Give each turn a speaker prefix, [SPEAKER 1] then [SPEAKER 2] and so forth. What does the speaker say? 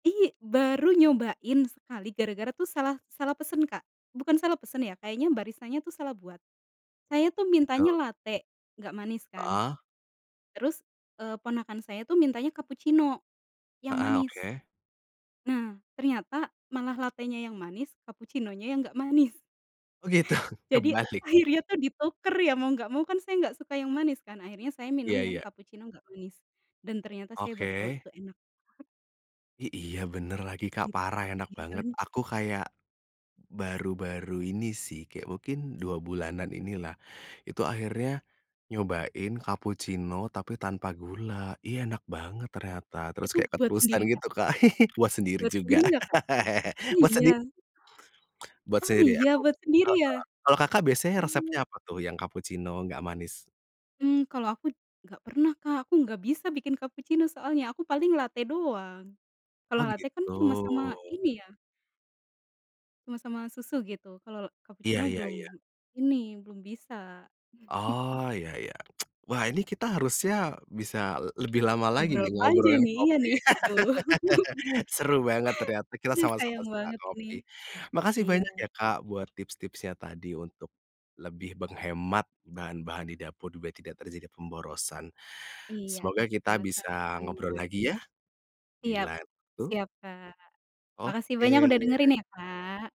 [SPEAKER 1] Iy baru nyobain sekali gara-gara tuh salah salah pesen Kak, bukan salah pesen ya kayaknya baristanya tuh salah buat. Saya tuh
[SPEAKER 2] Gitu.
[SPEAKER 1] mintanya late, nggak manis kan.
[SPEAKER 2] Heeh.
[SPEAKER 1] Terus, eee, ponakan saya tuh mintanya kapucino, yang
[SPEAKER 2] Heeh,
[SPEAKER 1] manis.
[SPEAKER 2] oke.
[SPEAKER 1] Nah, ternyata malah latenya yang manis kapucinonya yang nggak manis.
[SPEAKER 2] Oh gitu
[SPEAKER 1] Jadi,
[SPEAKER 2] kebalik.
[SPEAKER 1] akhirnya tuh dituker ya mau nggak mau kan saya nggak suka yang manis kan akhirnya saya minum
[SPEAKER 2] Iya
[SPEAKER 1] yang
[SPEAKER 2] iya.
[SPEAKER 1] kapucino nggak manis, dan ternyata saya baru tahu
[SPEAKER 2] Oke.
[SPEAKER 1] itu enak.
[SPEAKER 2] I iya bener lagi Kak
[SPEAKER 1] Gitu,
[SPEAKER 2] parah enak
[SPEAKER 1] iya
[SPEAKER 2] banget
[SPEAKER 1] kan.
[SPEAKER 2] aku kayak, baru-baru ini sih kayak mungkin 2 bulanan ini lah, itu akhirnya, nyobain kapucino tapi tanpa gula, iya enak banget ternyata, terus
[SPEAKER 1] Itu
[SPEAKER 2] kayak
[SPEAKER 1] buat
[SPEAKER 2] keterusan
[SPEAKER 1] sendiri Kak?
[SPEAKER 2] gitu Kak. Buat sendiri
[SPEAKER 1] Buat sendiri
[SPEAKER 2] juga.
[SPEAKER 1] nggak Kak? Oh
[SPEAKER 2] Buat
[SPEAKER 1] iya?
[SPEAKER 2] sendi Buat
[SPEAKER 1] Oh
[SPEAKER 2] sendiri
[SPEAKER 1] iya
[SPEAKER 2] aku,
[SPEAKER 1] buat sendiri ya?
[SPEAKER 2] heeh, kalau Kakak biasanya
[SPEAKER 1] Oh.
[SPEAKER 2] resepnya apa tuh yang kapucino nggak manis?
[SPEAKER 1] Mmm, kalau aku, nggak pernah Kak aku nggak bisa bikin kapucino soalnya, aku paling late doang. Kalau
[SPEAKER 2] Oh
[SPEAKER 1] late kan
[SPEAKER 2] gitu.
[SPEAKER 1] cuma sama ini ya cuma sama susu gitu kalau
[SPEAKER 2] Iya
[SPEAKER 1] cappuccino
[SPEAKER 2] iya iya.
[SPEAKER 1] belum, ini belum bisa.
[SPEAKER 2] Oh iya iya, wah ini kita harusnya bisa lebih lama lagi
[SPEAKER 1] Ngobrol
[SPEAKER 2] nih
[SPEAKER 1] panjang
[SPEAKER 2] ngobrolin
[SPEAKER 1] nih iya
[SPEAKER 2] kopi.
[SPEAKER 1] nih, aduh.
[SPEAKER 2] Seru banget ternyata kita
[SPEAKER 1] Aduh
[SPEAKER 2] sama-sama
[SPEAKER 1] sayang
[SPEAKER 2] suka
[SPEAKER 1] banget ini.
[SPEAKER 2] kopi, makasih
[SPEAKER 1] Iya.
[SPEAKER 2] banyak ya Kak buat tips-tipsnya tadi untuk, lebih menghemat bahan-bahan di dapur biar tidak terjadi pemborosan.
[SPEAKER 1] Iya,
[SPEAKER 2] Semoga kita bisa ngobrol
[SPEAKER 1] sama-sama.
[SPEAKER 2] lagi ya, di
[SPEAKER 1] Siap,
[SPEAKER 2] lain waktu.
[SPEAKER 1] siap Kak. Makasih banyak udah
[SPEAKER 2] Oke.
[SPEAKER 1] dengerin ya Kak.